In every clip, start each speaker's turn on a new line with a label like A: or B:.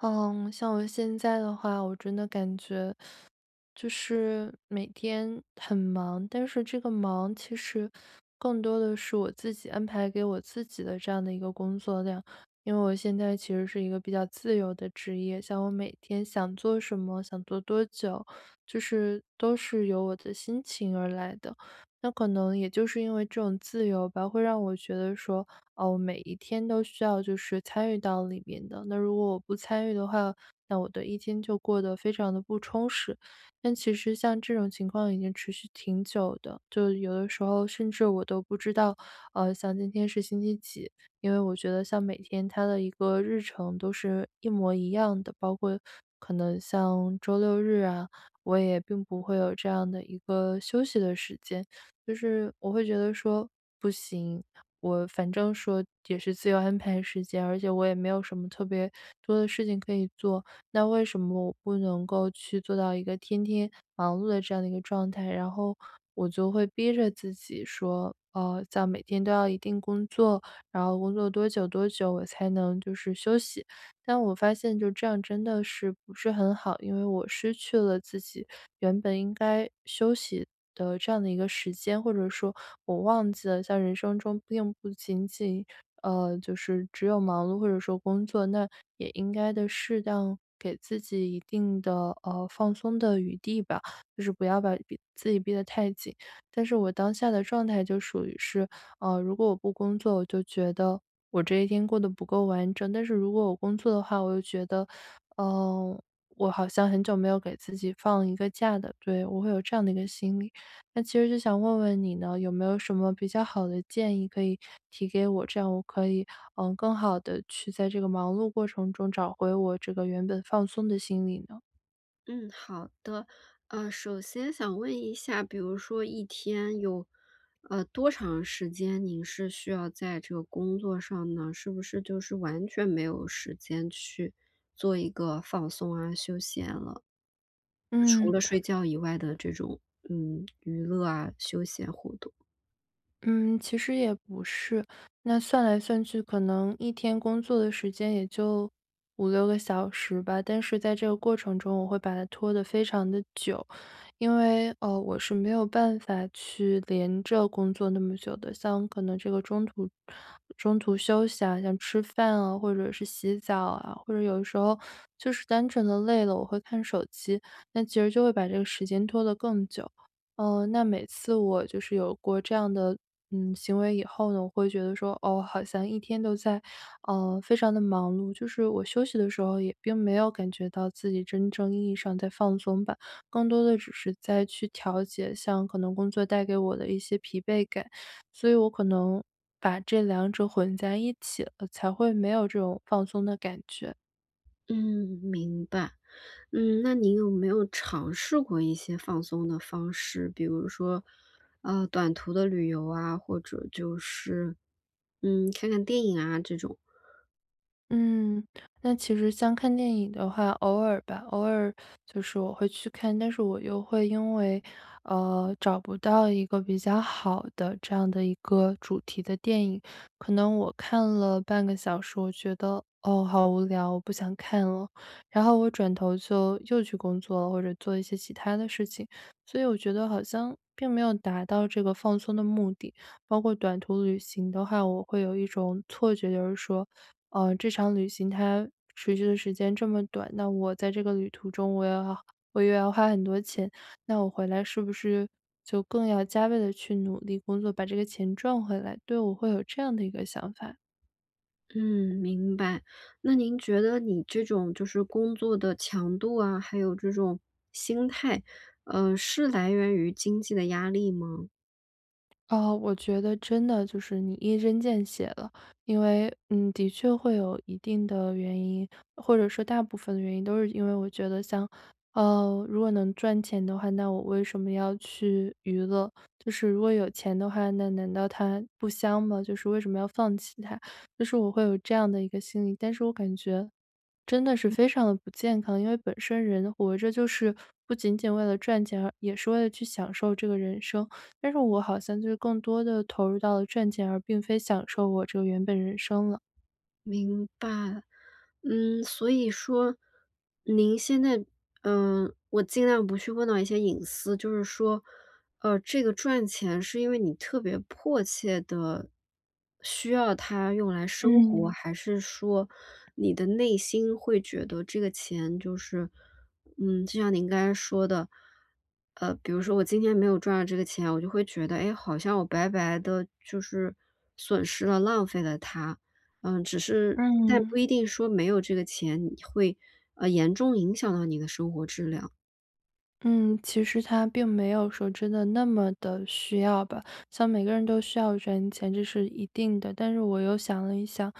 A: 嗯，像我现在的话，我真的感觉就是每天很忙，但是这个忙其实更多的是我自己安排给我自己的这样的一个工作量。因为我现在其实是一个比较自由的职业，像我每天想做什么、想做多久，就是都是由我的心情而来的。那可能也就是因为这种自由吧，会让我觉得说，哦，每一天都需要就是参与到里边的。那如果我不参与的话，那我的一天就过得非常地不充实。但其实像这种情况已经持续挺久的，就有的时候甚至我都不知道，呃，像今天是星期几。因为我觉得像每天它的一个日程都是一模一样的，包括可能像周六、日啊，我也并不会有这样的一个休息的时间。就是我会觉得说不行，我反正说也是自由安排时间，而且我也没有什么特别多的事情可以做，那为什么我不能够去做到一个天天忙碌的这样的一个状态？然后我就会逼着自己说，嗯，在每天都要一定工作，然后工作多久多久我才能就是休息。但我发现就这样真的是不是很好，因为我失去了自己原本应该休息的这样的一个时间。或者说我忘记了在人生中并不仅仅，呃，就是只有忙碌或者说工作，那也应该地适当给自己一定的，呃，放松的余地吧，就是不要把逼自己逼得太紧。但是我当下的状态就属于是，呃，如果我不工作，我就觉得我这一天过得不够完整。但是如果我工作的话，我又觉得，呃，我好像很久没有给自己放一个假的，对，我会有这样的一个心理。那其实就想问问你呢有没有什么比较好的建议可以提给我，这样我可以，嗯，更好地去在这个忙碌过程中找回我这个原本放松的心理呢？
B: 嗯，好的。呃，首先想问一下，比如说一天有，呃，多长时间，您是需要在这个工作上呢？是不是就是完全没有时间去做一个放松啊休闲了。除
A: 嗯。
B: 了睡觉以外的这种嗯，娱乐啊，休闲活动。
A: 嗯，其实也不是。那算来算去，可能一天工作的时间也就5-6个小时吧。但是在这个过程中，我会把它拖得非常地久。因为，呃，我是没有办法去连着工作那么久的，像可能这个中途中途休息啊，像吃饭啊，或者是洗澡啊，或者有的时候就是单纯地累了，我会看手机，那其实就会把这个时间拖得更久。呃，那每次我就是有过这样的，嗯，行为以后呢，我会觉得说，哦，好像一天都在，嗯，非常地忙碌，就是我休息的时候也并没有感觉到自己真正意义上在放松吧。更多的只是在去调节像可能工作带给我的一些疲惫感，所以我可能把这两者混在一起了，才会没有这种放松的感觉。
B: 嗯，明白。嗯，那您有没有尝试过一些放松的方式，比如说，呃，短途的旅游啊，或者就是，嗯，看看电影啊这种。
A: 嗯，那其实像看电影的话，偶尔吧，偶尔就是我会去看。但是我又会因为，呃，找不到一个比较好的这样的一个主题的电影，可能我看了半个小时，我觉得，哦，好无聊，我不想看了。然后我转头就又去工作了，或者做一些其它的事情。所以我觉得好像并没有达到这个放松的目的。包括短途旅行的话，我会有一种错觉，就是说，呃，这场旅行它持续的时间这么短，那我在这个旅途中我又我又要花很多钱，那我回来是不是就更要加倍地去努力工作，把这个钱赚回来？对，我会有这样的一个想法。
B: 嗯，明白。那您觉得你这种就是工作的强度啊，还有这种心态，呃，是来源于经济的压力吗？
A: 啊，我觉得真的就是你一针见血了。因为，嗯，的确会有一定的原因，或者说大部分的原因都是因为我觉得像呃，如果能赚钱的话，那我为什么要去娱乐？就是如果有钱的话，那难道它不香吗？就是为什么要放弃它，就是我会有这样的一个心理。但是我感觉，真的是
B: 嗯。
A: 非常不健康。因为本身人活着就是不仅仅为了赚钱，而也是为了去享受这个人生。但是我好像就是更多地投入到了赚钱，而并非享受我这个原本人生了。
B: 明白。嗯，所以说，您现在呃，我尽量不去问到一些隐私，就是说，呃，这个赚钱是因为你特别迫切地需要它用来生活，
A: 嗯。
B: 还是说你的内心会觉得这个钱就是嗯，就像您刚才说的，呃，比如说我今天没有赚到这个钱，我就会觉得，哎，好像我白白地就是损失了、浪费了它。呃，只是但
A: 嗯。
B: 不一定说没有这个钱，你会，呃，严重影响到你的生活质量。
A: 嗯，其实它并没有说真的那么地需要吧。像每个人都需要赚钱，这是一定的。但是我又想了一想，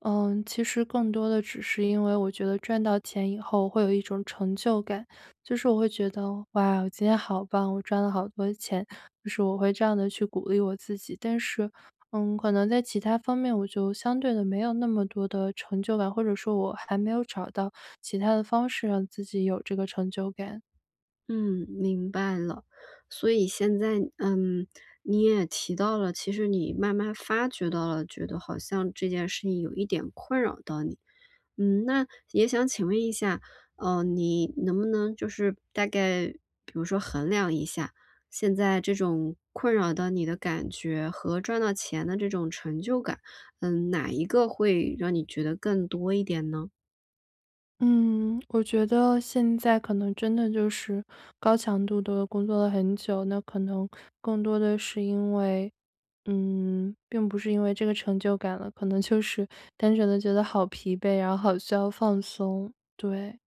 A: 嗯，其实更多的只是因为我觉得赚到钱以后会有一种成就感。就是我会觉得：“哇，我今天好棒，我赚了好多钱！”就是我会这样地去鼓励我自己。但是，嗯，可能在其他方面我就相对地没有那么多的成就感，或者说我还没有找到其他的方式让自己有这个成就感。
B: 嗯，明白了。所以现在嗯，你也提到了，其实你慢慢儿发觉到了觉得好像这件事情有一点困扰到你。嗯，那也想请问一下，嗯，你能不能就是大概比如说衡量一下，现在这种困扰到你的感觉和赚到钱的这种成就感，嗯，哪一个会让你觉得更多一点呢？
A: 嗯，我觉得现在可能真的就是高强度地工作了很久，那可能更多的是因为嗯，并不是因为这个成就感了，可能就是单纯地觉得好疲惫，然后好需要放松，对。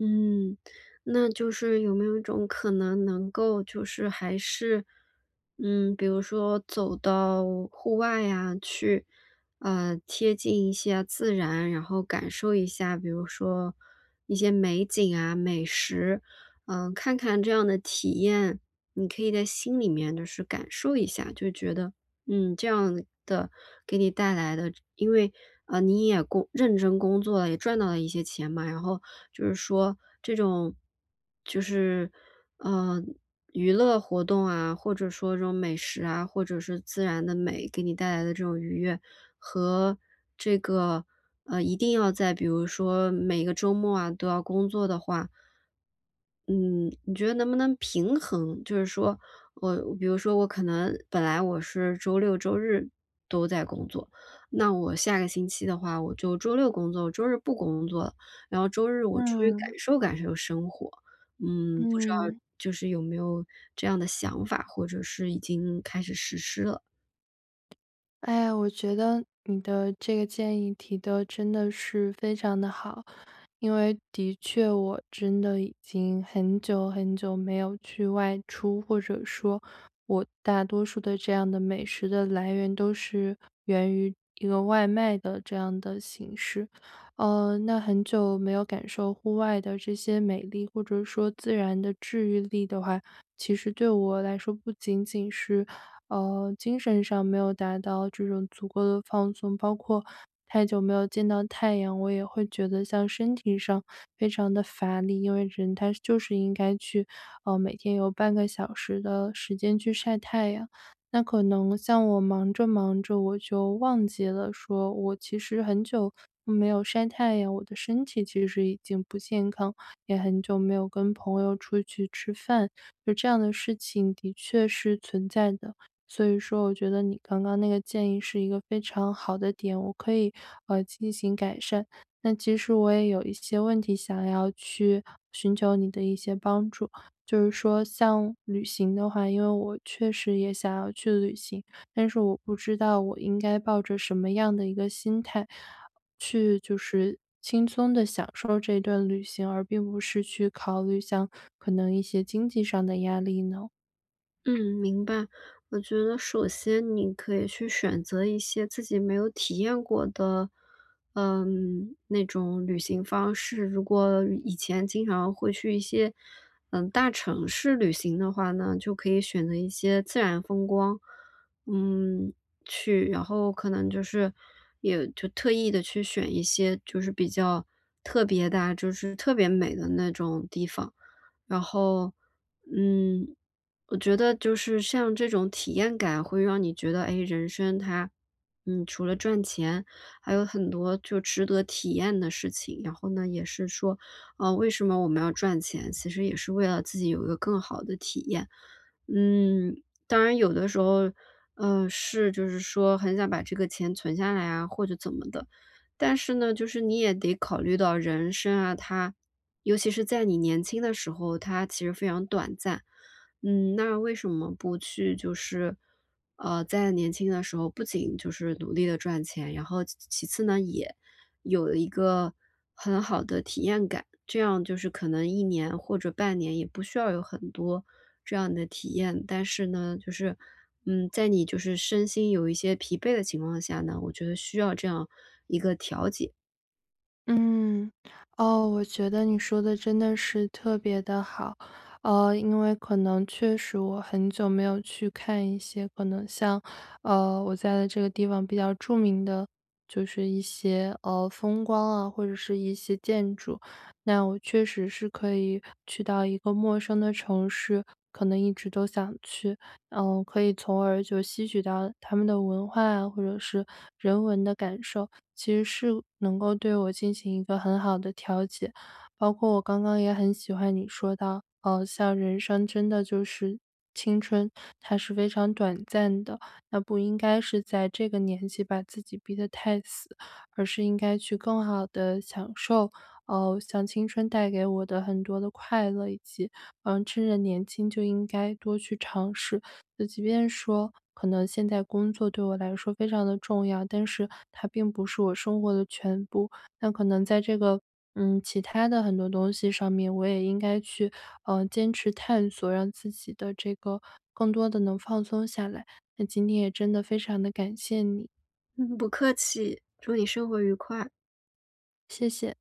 B: 嗯，那就是有没有一种可能能够就是还是嗯，比如说走到户外呀，去，呃，贴近一下自然。然后感受一下，比如说一些美景啊，美食。嗯，看看这样的体验，你可以在心里面就是感受一下，就觉得，嗯，这样的给你带来的因为，呃，你也工认真工作，也赚到了一些钱嘛。然后就是说这种，就是，呃，娱乐活动啊，或者说这种美食啊，或者是自然的美，给你带来的这种愉悦，和这个，呃，一定要在比如说每个周末啊都要工作的话嗯，你觉得能不能平衡，就是说我比如说我可能本来我是周六、周日都在工作，那我下个星期的话我就周六工作，我周日不工作了。然后周日我出去
A: 嗯。
B: 感受感受生活，嗯，不知道
A: 嗯。
B: 就是有没有这样的想法，或者是已经开始实施了？
A: 哎呀，我觉得你的这个建议提得真的是非常地好。因为的确我真的已经很久很久没有去外出，或者说，我大多数的这样的美食的来源都是源于一个外卖的这样的形式。呃，那很久没有感受户外的这些美丽，或者说自然的治愈力的话，其实对我来说，不仅仅是，呃，精神上没有达到这种足够的放松。包括太久没有见到太阳，我也会觉得像身体上非常地乏力。因为人他就是应该去呃，每天有半个小时的时间去晒太阳。那可能像我忙着忙着，我就忘记了说，我其实很久，嗯，没有晒太阳，我的身体其实已经不健康，也很久没有跟朋友出去吃饭，就这样的事情的确是存在的。所以说我觉得你刚刚那个建议是一个非常好的点，我可以，呃，进行改善。那其实我也有一些问题想要去寻求你的一些帮助，就是说像旅行的话因为我确实也想要去旅行，但是我不知道我应该抱着什么样的一个心态，去就是轻松地享受这段旅行，而并不是去考虑像可能一些经济上的压力呢？
B: 嗯，明白。我觉得首先你可以去选择一些自己没有体验过的，嗯，那种旅行方式。如果以前经常会去一些，嗯，大城市旅行的话呢，就可以选择一些自然风光嗯，去。然后可能就是也就特意地去选一些就是比较特别的啊，就是特别美的那种地方。然后，嗯，我觉得就是像这种体验感会让你觉得，诶，人生它，嗯，除了赚钱，还有很多就值得体验的事情。然后呢也是说，呃，为什么我们要赚钱，其实也是为了自己有一个更好的体验。嗯，当然有的时候，呃，是就是说很想把这个钱存下来啊或者怎么的，但是呢就是你也得考虑到人生啊它尤其是在你年轻的时候，它其实非常短暂。嗯，那为什么不去就是，呃，在年轻的时候不仅就是努力地赚钱，然后其其次呢，也有一个很好的体验感。这样就是可能1年或者半年也不需要有很多这样的体验，但是呢，就是，嗯，在你就是身心有一些疲惫的情况下呢，我觉得需要这样一个调节。
A: 嗯，哦。我觉得你说的真的是特别的好，呃，因为可能确实我很久没有去看一些可能像，呃，我在这个地方比较著名的就是一些，呃，风光啊，或者是一些建筑。那我确实是可以去到一个陌生的城市，可能一直都想去呃，可以从而就吸取到他们的文化，或者是人文的感受。其实是能够对我进行一个很好的调解，包括我刚刚也很喜欢你说到，呃，像人生真的就是青春，它是非常短暂的。那不应该是在这个年纪把自己逼得太死，而是应该去更好地享受，呃，像青春带给我的很多的快乐，以及，呃，趁着年轻就应该多去尝试。那即便说可能现在工作对我来说非常地重要，但是它并不是我生活的全部。那可能在这个，嗯，其他的很多东西上面，我也应该去，呃，坚持探索让自己的这个更多地能放松下来。那今天也真的非常地感谢你。
B: 嗯，不客气，祝你生活愉快。
A: 谢谢。